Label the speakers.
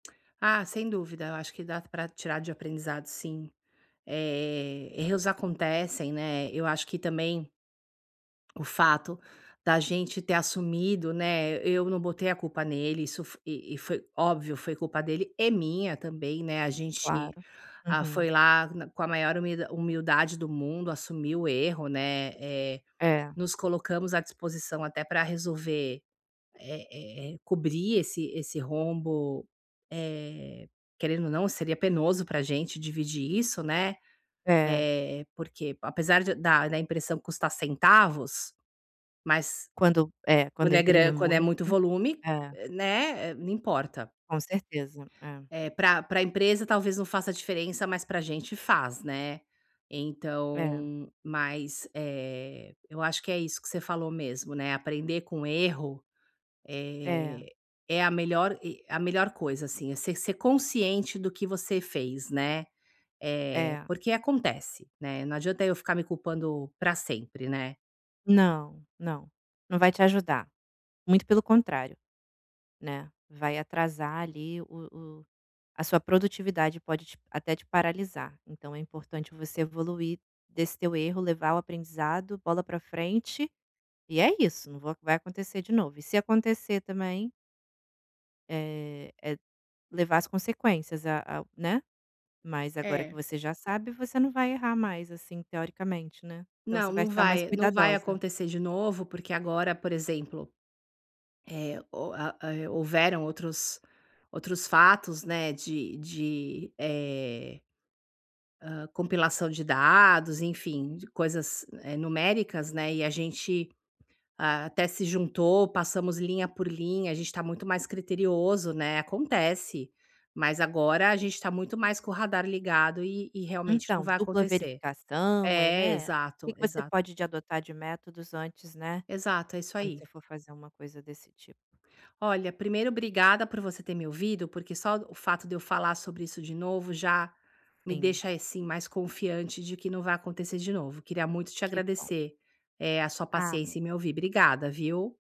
Speaker 1: Ah, sem dúvida, eu acho que dá para tirar de aprendizado sim. Eh, erros acontecem, né, eu acho que também o fato da gente ter assumido, né, eu não botei a culpa nele, isso e e foi óbvio foi culpa dele, e minha também, né, a gente
Speaker 2: Claro,
Speaker 1: a
Speaker 2: uhum.
Speaker 1: foi lá com a maior humildade do mundo, assumiu o erro, né, eh,
Speaker 2: É.
Speaker 1: nos colocamos à disposição até para resolver, é é é, cobrir esse esse rombo, eh, querendo ou não seria penoso para gente dividir isso, né,
Speaker 2: É.
Speaker 1: eh, porque apesar de da impressão custar centavos, mas
Speaker 2: Quando é, quando
Speaker 1: quando é
Speaker 2: imprime
Speaker 1: grana quando é muito
Speaker 2: muito.
Speaker 1: volume,
Speaker 2: É.
Speaker 1: né, não importa.
Speaker 2: Com certeza, é.
Speaker 1: É para para empresa talvez não faça diferença, mas para gente faz, né,
Speaker 2: É.
Speaker 1: então, mas, eh, eu acho que é isso que você falou mesmo, né, aprender com erro,
Speaker 2: É.
Speaker 1: eh, é a melhor e a melhor coisa assim, é você ser consciente do que você fez, né, eh,
Speaker 2: É.
Speaker 1: porque acontece, né, não adianta eu ficar me culpando para sempre, né.
Speaker 2: Não, não, não vai te ajudar. Muito pelo contrário, né, vai atrasar ali o o a sua produtividade pode até te paralisar, então é importante você evoluir desse teu erro, levar o aprendizado, bola para frente, e é isso, não vo vai acontecer de novo, e se acontecer também é, é levar as consequências a a, né, mas agora que
Speaker 1: É.
Speaker 2: você já sabe você não vai errar mais assim teoricamente, né, então
Speaker 1: Não,
Speaker 2: você vai
Speaker 1: não
Speaker 2: estar mais
Speaker 1: vai, não vai
Speaker 2: cuidadosa.
Speaker 1: acontecer de novo porque agora por exemplo, eh, o a ho houveram outros outros fatos, né, de de, eh, hã, compilação de dados, enfim, de coisas, eh, numéricas, né, e a gente até se juntou, passamos linha por linha, a gente está muito mais criterioso, né, acontece, mas agora a gente está muito mais com o radar ligado e e realmente não
Speaker 2: Então,
Speaker 1: vai
Speaker 2: dupla
Speaker 1: acontecer.
Speaker 2: verificação, é
Speaker 1: É,
Speaker 2: né, que
Speaker 1: exato
Speaker 2: que você
Speaker 1: exato.
Speaker 2: pode de adotar de métodos antes, né,
Speaker 1: Exato, é isso
Speaker 2: quando
Speaker 1: aí.
Speaker 2: você for fazer uma coisa desse tipo.
Speaker 1: Olha, primeiro obrigada por você ter me ouvido, porque só o fato de eu falar sobre isso de novo já me
Speaker 2: Sim.
Speaker 1: deixa assim mais confiante de que não vai acontecer de novo, queria muito te
Speaker 2: Que bom.
Speaker 1: agradecer, eh, a sua
Speaker 2: Ah.
Speaker 1: paciência em me ouvir, obrigada viu?